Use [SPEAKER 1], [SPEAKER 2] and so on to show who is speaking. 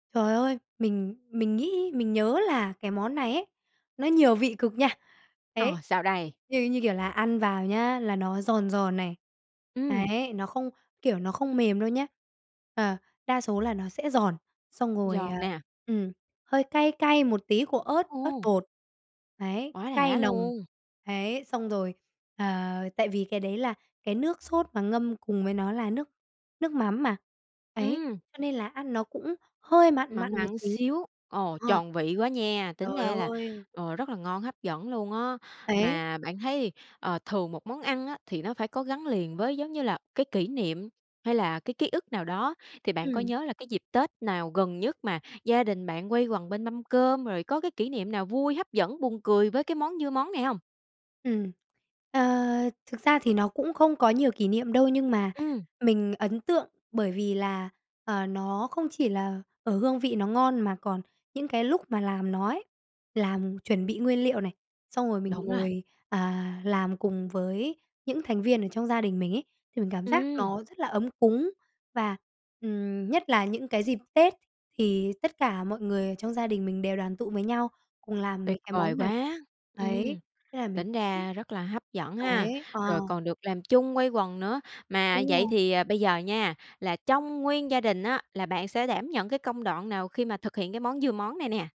[SPEAKER 1] Trời ơi. Mình mình nghĩ mình nhớ là cái món này ấy, nó nhiều vị cực nha. Đấy,
[SPEAKER 2] Ờ, sao đây?
[SPEAKER 1] như như, kiểu là, ăn vào nhé, là nó giòn giòn này.
[SPEAKER 2] Ừm.
[SPEAKER 1] Đấy, nó không kiểu, nó không mềm đâu nhé. Ờ, đa số là nó sẽ giòn, xong rồi, à,
[SPEAKER 2] Giòn nè.
[SPEAKER 1] ừm, hơi cay cay một tí của ớt ớt
[SPEAKER 2] Ô!
[SPEAKER 1] bột. Đấy,
[SPEAKER 2] Quá
[SPEAKER 1] cay
[SPEAKER 2] đã
[SPEAKER 1] nồng,
[SPEAKER 2] luôn.
[SPEAKER 1] đấy, xong rồi, ờ, tại vì cái đấy là cái nước sốt mà ngâm cùng với nó là nước nước mắm mà, đấy,
[SPEAKER 2] Ừm.
[SPEAKER 1] cho nên là ăn nó cũng hơi mặn
[SPEAKER 2] Mặn
[SPEAKER 1] mặn một
[SPEAKER 2] mặn
[SPEAKER 1] tí,
[SPEAKER 2] xíu, ồ,
[SPEAKER 1] ờ.
[SPEAKER 2] tròn vị quá nha. Tính
[SPEAKER 1] Trời
[SPEAKER 2] ra là,
[SPEAKER 1] ơi.
[SPEAKER 2] ờ, rất là ngon, hấp dẫn luôn á.
[SPEAKER 1] Đấy.
[SPEAKER 2] Mà bạn thấy, ờ, thường một món ăn á, thì nó phải có gắn liền với giống như là cái kỷ niệm, hay là cái ký ức nào đó, thì bạn có
[SPEAKER 1] Ừm.
[SPEAKER 2] nhớ là cái dịp Tết nào gần nhất mà gia đình bạn quây quần bên mâm cơm, rồi có cái kỷ niệm nào vui, hấp dẫn, buồn cười với cái món dưa món này hông?
[SPEAKER 1] Ừm, ờ, thực ra thì nó cũng không có nhiều kỷ niệm đâu, nhưng mà
[SPEAKER 2] Ừm.
[SPEAKER 1] mình ấn tượng bởi vì là, ờ, nó không chỉ là ở hương vị nó ngon, mà còn những cái lúc mà làm nó ấy, làm chuẩn bị nguyên liệu này, xong rồi mình
[SPEAKER 2] Đúng rồi.
[SPEAKER 1] ngồi, à, làm cùng với những thành viên ở trong gia đình mình ấy, thì mình cảm giác
[SPEAKER 2] Ừm.
[SPEAKER 1] nó rất là ấm cúng. Và, ừm, nhất là những cái dịp Tết thì tất cả mọi người ở trong gia đình mình đều đoàn tụ với nhau, cùng làm
[SPEAKER 2] Tuyệt
[SPEAKER 1] mấy cái
[SPEAKER 2] vời
[SPEAKER 1] món này,
[SPEAKER 2] quá,
[SPEAKER 1] đấy,
[SPEAKER 2] ừm.
[SPEAKER 1] thế là mình
[SPEAKER 2] Tính ra rất là hấp dẫn ha,
[SPEAKER 1] đấy, ờ.
[SPEAKER 2] rồi còn được làm chung, quây quần nữa. Mà
[SPEAKER 1] Đúng
[SPEAKER 2] vậy
[SPEAKER 1] rồi.
[SPEAKER 2] thì, ờ, bây giờ nha, là trong nguyên gia đình á, là bạn sẽ đảm nhận cái công đoạn nào khi mà thực hiện cái món dưa món này nè?